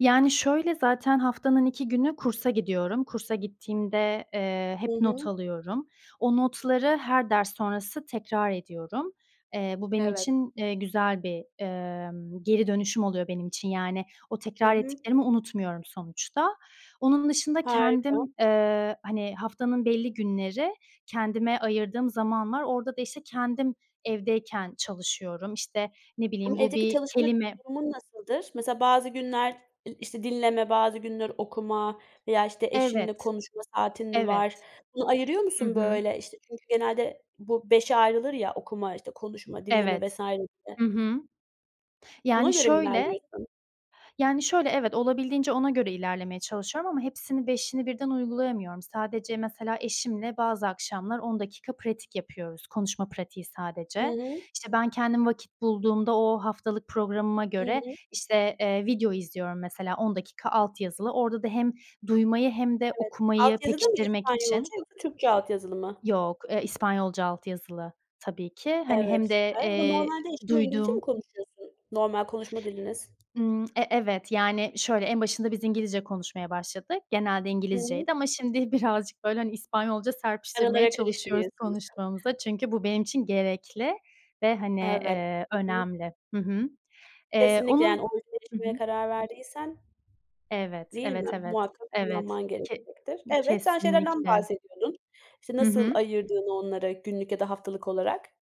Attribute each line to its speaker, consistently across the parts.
Speaker 1: Yani, şöyle, zaten haftanın 2 günü kursa gidiyorum. Kursa gittiğimde, eee,
Speaker 2: Hı
Speaker 1: hep not
Speaker 2: hı.
Speaker 1: alıyorum. O notları her ders sonrası tekrar ediyorum. Eee, bu benim
Speaker 2: Evet.
Speaker 1: için, eee, güzel bir, emm, geri dönüşüm oluyor benim için, yani, o
Speaker 2: Hı
Speaker 1: tekrar
Speaker 2: hı.
Speaker 1: ettiklerimi unutmuyorum sonuçta. Onun dışında
Speaker 2: Harika.
Speaker 1: kendim, ııı, hani, haftanın belli günleri kendime ayırdığım zaman var. Orada da, işte, kendim evdeyken çalışıyorum. İşte, ne
Speaker 2: Imm,
Speaker 1: bileyim, bu
Speaker 2: evdeki
Speaker 1: bir
Speaker 2: çalışma
Speaker 1: kelime
Speaker 2: durumun nasıldır? Mesela, bazı günler, ııı, işte, dinleme, bazı günler okuma veya, işte, eşinle
Speaker 1: Evet.
Speaker 2: konuşma saatin mi
Speaker 1: Evet.
Speaker 2: var? Bunu ayırıyor
Speaker 1: Hı
Speaker 2: musun,
Speaker 1: hı.
Speaker 2: böyle? İşte, çünkü genelde bu 5'e ayrılır ya, okuma, işte konuşma, dinleme vs.
Speaker 1: Evet.
Speaker 2: gibi.
Speaker 1: Hı hı.
Speaker 2: Buna
Speaker 1: Yani
Speaker 2: göre mi
Speaker 1: şöyle,
Speaker 2: ilerliyorsun?
Speaker 1: yani şöyle, evet olabildiğince ona göre ilerlemeye çalışıyorum ama hepsini, beşini birden uygulayamıyorum. Sadece, mesela, eşimle bazı akşamlar 10 dakika pratik yapıyoruz. Konuşma pratiği
Speaker 2: Hı
Speaker 1: sadece.
Speaker 2: hı.
Speaker 1: İşte, ben kendim vakit bulduğumda o haftalık programıma
Speaker 2: Hı
Speaker 1: göre,
Speaker 2: hı.
Speaker 1: işte, eee, video izliyorum, mesela, 10 dakika alt yazılı. Orada da hem duymayı hem de
Speaker 2: Evet. Alt
Speaker 1: okumayı
Speaker 2: yazıda mı
Speaker 1: pekiştirmek için.
Speaker 2: İspanyolca yoksa Türkçe altyazılı mı?
Speaker 1: Yok. E, İspanyolca alt yazılı, tabii ki. Hani,
Speaker 2: Evet,
Speaker 1: hem de,
Speaker 2: süper ama
Speaker 1: eee,
Speaker 2: normalde eşinle İngilizce mi
Speaker 1: duyduğum
Speaker 2: konuşuyorsun, normal konuşma diliniz?
Speaker 1: Imm, e evet. Yani, şöyle, en başında biz İngilizce konuşmaya başladık. Genelde
Speaker 2: Hı hı.
Speaker 1: İngilizceydi ama şimdi birazcık, böyle, hani, İspanyolca serpiştirmeye
Speaker 2: Aralara
Speaker 1: çalışıyoruz
Speaker 2: karıştırıyorsunuz.
Speaker 1: konuşmamıza çünkü bu benim için gerekli ve, hani,
Speaker 2: Evet.
Speaker 1: ııı,
Speaker 2: Hı hı.
Speaker 1: önemli. Hı hı. Eee
Speaker 2: Kesinlikle, yani,
Speaker 1: onun
Speaker 2: orada
Speaker 1: hı hı.
Speaker 2: yaşamaya karar verdiysen,
Speaker 1: Evet,
Speaker 2: değil mi?
Speaker 1: evet, evet.
Speaker 2: Muhakkak
Speaker 1: Evet,
Speaker 2: kullanman
Speaker 1: ke
Speaker 2: gerekecektir. Evet, sen şeylerden
Speaker 1: kesinlikle.
Speaker 2: bahsediyordun, işte,
Speaker 1: Hı
Speaker 2: nasıl
Speaker 1: hı.
Speaker 2: ayırdığını onları günlük ya da haftalık olarak.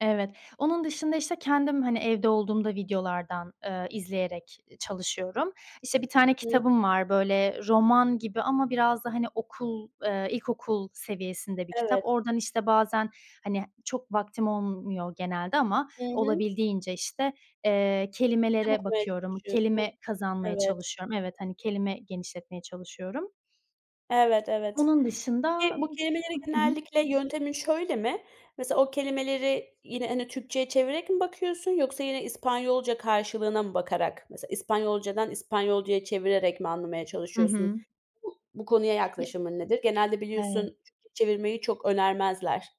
Speaker 1: Evet. Onun dışında, işte, kendim, hani, evde olduğumda videolardan, ııı, izleyerek çalışıyorum. İşte, bir tane kitabım var, böyle, roman gibi ama biraz da, hani, okul, ııı ilkokul seviyesinde bir kitap.
Speaker 2: Evet.
Speaker 1: Oradan, işte, bazen, hani, çok vaktim olmuyor genelde ama
Speaker 2: Hı hı.
Speaker 1: olabildiğince, işte, eee,
Speaker 2: Kitap
Speaker 1: kelimelere
Speaker 2: okumaya
Speaker 1: bakıyorum.
Speaker 2: çalışıyorsun,
Speaker 1: Kelime kazanmaya
Speaker 2: evet.
Speaker 1: çalışıyorum. Evet, hani, kelime genişletmeye çalışıyorum.
Speaker 2: Evet, evet.
Speaker 1: Bunun dışında
Speaker 2: Peki, bu kelimelere
Speaker 1: ııı, hı hı.
Speaker 2: genellikle yöntemin şöyle mi? Mesela, o kelimeleri yine, hani, Türkçe'ye çevirerek mi bakıyorsun yoksa yine İspanyolca karşılığına mı bakarak, mesela, İspanyolca'dan İspanyolca'ya çevirerek mi anlamaya
Speaker 1: Hı
Speaker 2: çalışıyorsun?
Speaker 1: hı.
Speaker 2: Bu bu konuya yaklaşımın nedir? Genelde biliyorsun
Speaker 1: Evet.
Speaker 2: Türkçe çevirmeyi çok önermezler.